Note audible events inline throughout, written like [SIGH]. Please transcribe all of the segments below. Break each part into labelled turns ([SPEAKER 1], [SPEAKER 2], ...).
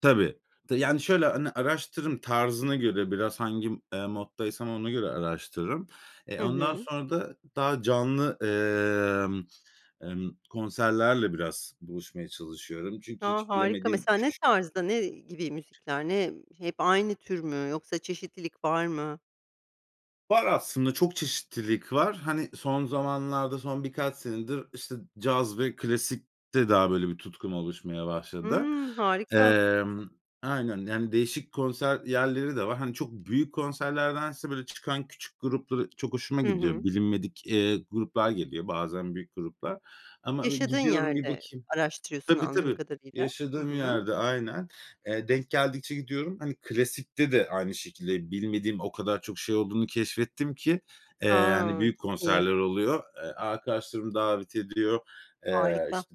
[SPEAKER 1] Tabii. Te yani, şöyle; hani, araştırırım tarzına göre, biraz hangi, eee, moddaysam ona göre araştırırım. E,
[SPEAKER 2] Hı
[SPEAKER 1] ondan
[SPEAKER 2] hı.
[SPEAKER 1] sonra da daha canlı, ımm, ımm, konserlerle biraz buluşmaya çalışıyorum. Çünkü
[SPEAKER 2] A,
[SPEAKER 1] hiç
[SPEAKER 2] harika.
[SPEAKER 1] bilemediğim
[SPEAKER 2] Mesela, ne
[SPEAKER 1] küçük
[SPEAKER 2] tarzda, ne gibi müzikler, ne hep aynı tür mü, yoksa çeşitlilik var mı?
[SPEAKER 1] Var aslında. Çok çeşitlilik var. Hani, son zamanlarda, son birkaç senedir, işte, caz ve klasikte daha böyle bir tutkum oluşmaya başladı.
[SPEAKER 2] Hımm, harika.
[SPEAKER 1] Emm aynen, yani, değişik konser yerleri de var. Hani, çok büyük konserlerdense, böyle, çıkan küçük gruplar çok hoşuma
[SPEAKER 2] Hı hı.
[SPEAKER 1] gidiyor. Bilinmedik, eee, gruplar geliyor, bazen büyük gruplar. Ama bir
[SPEAKER 2] Yaşadığın
[SPEAKER 1] gidiyorum, bir
[SPEAKER 2] yerde
[SPEAKER 1] bakayım
[SPEAKER 2] araştırıyorsun,
[SPEAKER 1] Tabii,
[SPEAKER 2] anladığım
[SPEAKER 1] tabii.
[SPEAKER 2] kadarıyla. Hı
[SPEAKER 1] Yaşadığım
[SPEAKER 2] hı.
[SPEAKER 1] yerde aynen. Eee, denk geldikçe gidiyorum. Hani, klasikte de aynı şekilde, bilmediğim o kadar çok şey olduğunu keşfettim ki, eee, hani,
[SPEAKER 2] A,
[SPEAKER 1] büyük
[SPEAKER 2] çok iyi.
[SPEAKER 1] konserler oluyor. E, arkadaşlarım davet ediyor. Eee,
[SPEAKER 2] Harika.
[SPEAKER 1] işte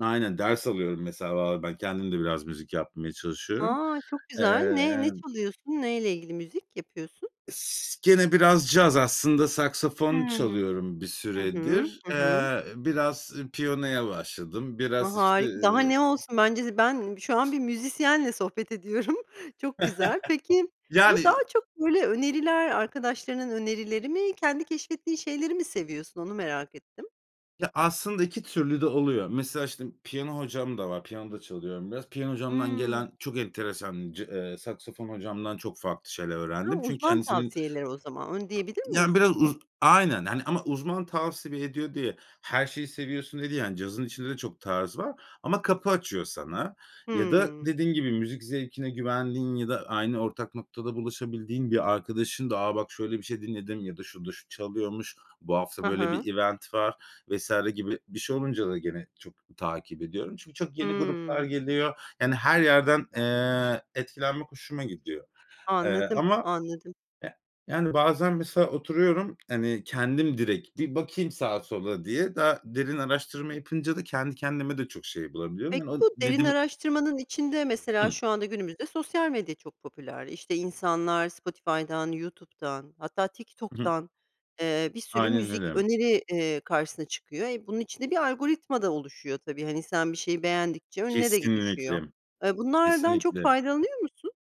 [SPEAKER 1] Aynen, ders alıyorum, mesela, [UNINTELLIGIBLE] ben, kendim de biraz müzik yapmaya çalışıyorum.
[SPEAKER 2] A, çok güzel.
[SPEAKER 1] Eee,
[SPEAKER 2] Ne ne
[SPEAKER 1] yani
[SPEAKER 2] çalıyorsun? Neyle ilgili müzik yapıyorsun?
[SPEAKER 1] S gene biraz caz aslında, saksafon
[SPEAKER 2] Hıı.
[SPEAKER 1] çalıyorum bir
[SPEAKER 2] Hı hı.
[SPEAKER 1] süredir.
[SPEAKER 2] Hı hı.
[SPEAKER 1] Eee, biraz piyanoya başladım.
[SPEAKER 2] A,
[SPEAKER 1] Biraz, işte,
[SPEAKER 2] harika. Daha
[SPEAKER 1] iii
[SPEAKER 2] ne olsun? Bence de ben şu an bir müzisyenle sohbet ediyorum. [GIGGLES] Çok güzel. Peki,
[SPEAKER 1] [LAUGHS] Yani
[SPEAKER 2] bu daha çok, böyle, öneriler, arkadaşlarının önerileri mi, kendi keşfettiği şeyleri mi seviyorsun onu merak ettim.
[SPEAKER 1] Ya, aslında iki türlü de oluyor. Mesela, işte, piyano hocam da var. Piyano da çalıyorum biraz. Piyano hocamdan
[SPEAKER 2] Hıı.
[SPEAKER 1] gelen çok enteresan, ce eee, saksafon hocamdan çok farklı şeyler
[SPEAKER 2] Hı,
[SPEAKER 1] öğrendim. Çünkü
[SPEAKER 2] uzman
[SPEAKER 1] kendisinin
[SPEAKER 2] tavsiyeleri o zaman, onu diyebilir
[SPEAKER 1] Yani,
[SPEAKER 2] miyiz?
[SPEAKER 1] biraz uz aynen hani, ama uzman tavsiye ediyor diye her şeyi seviyorsun, diye değil. Yani, cazın içinde de çok tarz var ama kapı açıyor sana ya da
[SPEAKER 2] Hıı.
[SPEAKER 1] dediğim gibi, müzik zevkine güvendiğin ya da aynı ortak noktada buluşabildiğin bir arkadaşın da, ”A, bak şöyle bir şey dinledim.” ya da ”Şurada şu çalıyormuş, bu hafta
[SPEAKER 2] Hı
[SPEAKER 1] böyle
[SPEAKER 2] hı.
[SPEAKER 1] bir event var.” vs. gibi bir şey olunca da gene çok takip ediyorum. Çünkü çok yeni gruplar
[SPEAKER 2] Hımm.
[SPEAKER 1] geliyor. Yani, her yerden, eee, etkilenmek hoşuma gidiyor. Eee,
[SPEAKER 2] Anladım,
[SPEAKER 1] ama,
[SPEAKER 2] anladım.
[SPEAKER 1] eh, yani, bazen, mesela, oturuyorum, hani, kendim direkt bir bakayım sağa sola diye daha derin araştırma yapınca da kendi kendime de çok şey bulabiliyorum.
[SPEAKER 2] Peki,
[SPEAKER 1] Yani, o
[SPEAKER 2] bu
[SPEAKER 1] ne
[SPEAKER 2] derin
[SPEAKER 1] deme
[SPEAKER 2] araştırmanın içinde, mesela,
[SPEAKER 1] Hı.
[SPEAKER 2] şu anda günümüzde sosyal medya çok popüler. İşte, insanlar Spotify'dan, YouTube'dan, hatta
[SPEAKER 1] Hı hı.
[SPEAKER 2] TikTok'tan, eee, bir sürü
[SPEAKER 1] Aynen
[SPEAKER 2] müzik
[SPEAKER 1] öyle.
[SPEAKER 2] öneri karşısına çıkıyor. E, bunun içinde bir algoritma da oluşuyor, tabii. Hani, sen bir şeyi beğendikçe önüne de ge düşüyor.
[SPEAKER 1] Kesinlikle.
[SPEAKER 2] Eee, bunlardan çok
[SPEAKER 1] Kesinlikle.
[SPEAKER 2] faydalanıyor musun?